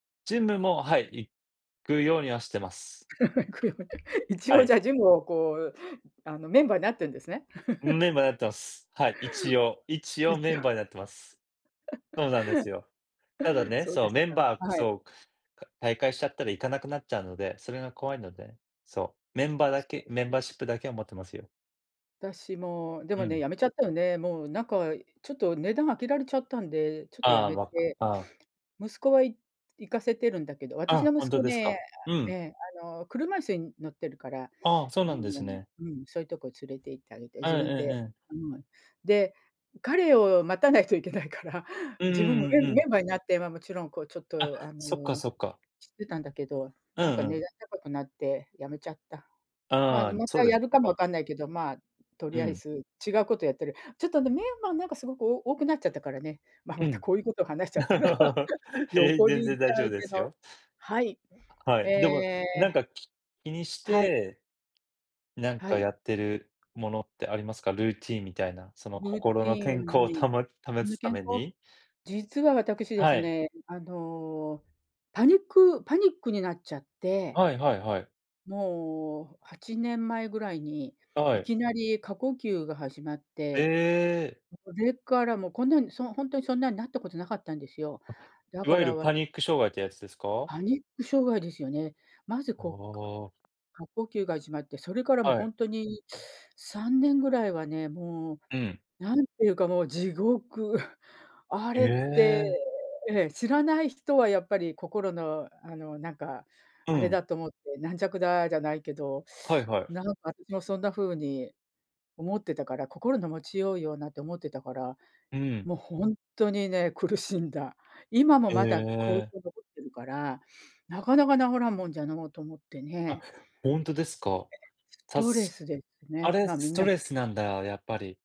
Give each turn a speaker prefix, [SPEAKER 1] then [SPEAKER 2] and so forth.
[SPEAKER 1] ジムも、はい。行くようにはしてます。
[SPEAKER 2] 行くように一
[SPEAKER 1] は
[SPEAKER 2] 応、
[SPEAKER 1] い。
[SPEAKER 2] じゃあ、ジムを、こう、あの、メンバーになってんですね。
[SPEAKER 1] うーん。メンバーになってます。はい、一応。一
[SPEAKER 2] 一
[SPEAKER 1] 応メン
[SPEAKER 2] 応。
[SPEAKER 1] バーになってます。そうなんですよ。ただ ね、
[SPEAKER 2] そう
[SPEAKER 1] そ
[SPEAKER 2] で
[SPEAKER 1] う、
[SPEAKER 2] す
[SPEAKER 1] メン
[SPEAKER 2] か、
[SPEAKER 1] バー、
[SPEAKER 2] はい。
[SPEAKER 1] そう、か退会しちゃったら行かなくなっちゃうので、それが怖いので、そう、メンバーだ
[SPEAKER 2] そう
[SPEAKER 1] け
[SPEAKER 2] で
[SPEAKER 1] メン
[SPEAKER 2] すね。
[SPEAKER 1] バーシップだけを持ってますよ。
[SPEAKER 2] 私も、で
[SPEAKER 1] う
[SPEAKER 2] もね、
[SPEAKER 1] ん。
[SPEAKER 2] 止めちゃったよね。もう、なんか、ちょっと、値段上げられちゃったんで、ちょっと
[SPEAKER 1] あ
[SPEAKER 2] 止
[SPEAKER 1] あ、
[SPEAKER 2] め
[SPEAKER 1] わく
[SPEAKER 2] て、
[SPEAKER 1] ああ。
[SPEAKER 2] 息子は、い行かせてるんだけど、私の
[SPEAKER 1] あ、本
[SPEAKER 2] 息子
[SPEAKER 1] 当です
[SPEAKER 2] ね、
[SPEAKER 1] か。うん。
[SPEAKER 2] え、あの、車椅子に乗ってるから、
[SPEAKER 1] ああ、そう
[SPEAKER 2] あ
[SPEAKER 1] なんで
[SPEAKER 2] の、
[SPEAKER 1] すね。
[SPEAKER 2] うん、そういうとこ連れて行ってあげて、
[SPEAKER 1] あ、え
[SPEAKER 2] 自
[SPEAKER 1] え
[SPEAKER 2] 分
[SPEAKER 1] ええ
[SPEAKER 2] で、
[SPEAKER 1] ええ。
[SPEAKER 2] うん。で、彼を待たないといけないから、
[SPEAKER 1] うん
[SPEAKER 2] 自分も、
[SPEAKER 1] うんう
[SPEAKER 2] メ
[SPEAKER 1] ん
[SPEAKER 2] ン
[SPEAKER 1] う
[SPEAKER 2] メ
[SPEAKER 1] ん。
[SPEAKER 2] ンバーになって、ま、もちろん、こう、ちょっ
[SPEAKER 1] あ、
[SPEAKER 2] と、あ
[SPEAKER 1] そっか
[SPEAKER 2] の、
[SPEAKER 1] そっか。
[SPEAKER 2] 知ってたんだけど、
[SPEAKER 1] う
[SPEAKER 2] なんか、
[SPEAKER 1] んう
[SPEAKER 2] 値
[SPEAKER 1] ん。
[SPEAKER 2] 段高くなって止めちゃった。まあ、
[SPEAKER 1] ああ、
[SPEAKER 2] ま
[SPEAKER 1] そう
[SPEAKER 2] た
[SPEAKER 1] で
[SPEAKER 2] や
[SPEAKER 1] す。
[SPEAKER 2] るかも
[SPEAKER 1] わ
[SPEAKER 2] わ
[SPEAKER 1] く
[SPEAKER 2] かんないけど、まあ、と
[SPEAKER 1] う
[SPEAKER 2] りあえ
[SPEAKER 1] ん。
[SPEAKER 2] ず違うことやってる。ちょっとね、メンバーなんか、すごく、お多くなっちゃったからね。まあ、
[SPEAKER 1] う
[SPEAKER 2] また、
[SPEAKER 1] ん。
[SPEAKER 2] こういうことを話しちゃったら、
[SPEAKER 1] へえ、
[SPEAKER 2] 横に
[SPEAKER 1] 全
[SPEAKER 2] 行っ
[SPEAKER 1] 然
[SPEAKER 2] ち
[SPEAKER 1] 大
[SPEAKER 2] ゃ
[SPEAKER 1] 丈夫
[SPEAKER 2] う
[SPEAKER 1] で
[SPEAKER 2] け
[SPEAKER 1] す
[SPEAKER 2] ど、
[SPEAKER 1] よ。
[SPEAKER 2] はい。
[SPEAKER 1] は
[SPEAKER 2] え
[SPEAKER 1] い、でも、
[SPEAKER 2] え。
[SPEAKER 1] なんか、き気にし
[SPEAKER 2] はい。
[SPEAKER 1] て。なん
[SPEAKER 2] は
[SPEAKER 1] か、
[SPEAKER 2] い。
[SPEAKER 1] やってるものってありますか？ルーティーンみたいな、その、
[SPEAKER 2] ルー
[SPEAKER 1] 心
[SPEAKER 2] テ
[SPEAKER 1] の
[SPEAKER 2] ィ
[SPEAKER 1] 健康
[SPEAKER 2] ン
[SPEAKER 1] を
[SPEAKER 2] ね。
[SPEAKER 1] たも保 つた
[SPEAKER 2] 健
[SPEAKER 1] め
[SPEAKER 2] 康、
[SPEAKER 1] に。
[SPEAKER 2] 実は私で
[SPEAKER 1] は
[SPEAKER 2] す
[SPEAKER 1] い。
[SPEAKER 2] ね、あの、パニックパニックになっちゃって。
[SPEAKER 1] はいはいはい。
[SPEAKER 2] もう8年前ぐらいに、
[SPEAKER 1] は
[SPEAKER 2] い
[SPEAKER 1] い。
[SPEAKER 2] きなり過呼吸が始まっ
[SPEAKER 1] え
[SPEAKER 2] て、
[SPEAKER 1] え。
[SPEAKER 2] それからもうこんなん、そう、本当にそんなんなったことなかったんですよ。
[SPEAKER 1] あ、
[SPEAKER 2] だ
[SPEAKER 1] いわ
[SPEAKER 2] か
[SPEAKER 1] ゆる
[SPEAKER 2] ら私。
[SPEAKER 1] パニック障害ってやつですか？
[SPEAKER 2] パニック障害ですよね。まず
[SPEAKER 1] あ
[SPEAKER 2] こう、か
[SPEAKER 1] あ。
[SPEAKER 2] 過呼吸が始まって、それからも
[SPEAKER 1] は
[SPEAKER 2] ほ
[SPEAKER 1] い。
[SPEAKER 2] んとに3年ぐらいはね、も
[SPEAKER 1] うん。
[SPEAKER 2] う、なんていうか。もう地獄。あ
[SPEAKER 1] へ
[SPEAKER 2] れって、
[SPEAKER 1] え。
[SPEAKER 2] ええ、知らない人は。やっぱり。心の。あの。なんか、
[SPEAKER 1] う
[SPEAKER 2] あれ
[SPEAKER 1] ん。
[SPEAKER 2] だと思って、軟弱だ。じゃないけど、
[SPEAKER 1] はい はい。
[SPEAKER 2] なんか私もそんなふうに思ってたから、心の持ちようよなって思ってたから、
[SPEAKER 1] うん。
[SPEAKER 2] もうほんとにね、苦しんだ。今も
[SPEAKER 1] へ
[SPEAKER 2] まだ後遺
[SPEAKER 1] え。
[SPEAKER 2] 症残ってるから、なかなか治らんもんじゃのうと思って
[SPEAKER 1] あ、
[SPEAKER 2] ね。
[SPEAKER 1] 本当ですか？
[SPEAKER 2] ス
[SPEAKER 1] た
[SPEAKER 2] トレ
[SPEAKER 1] す
[SPEAKER 2] スです
[SPEAKER 1] あ
[SPEAKER 2] ね。
[SPEAKER 1] れ
[SPEAKER 2] まあ、み
[SPEAKER 1] ス
[SPEAKER 2] んな
[SPEAKER 1] トレスなんだ、やっぱり。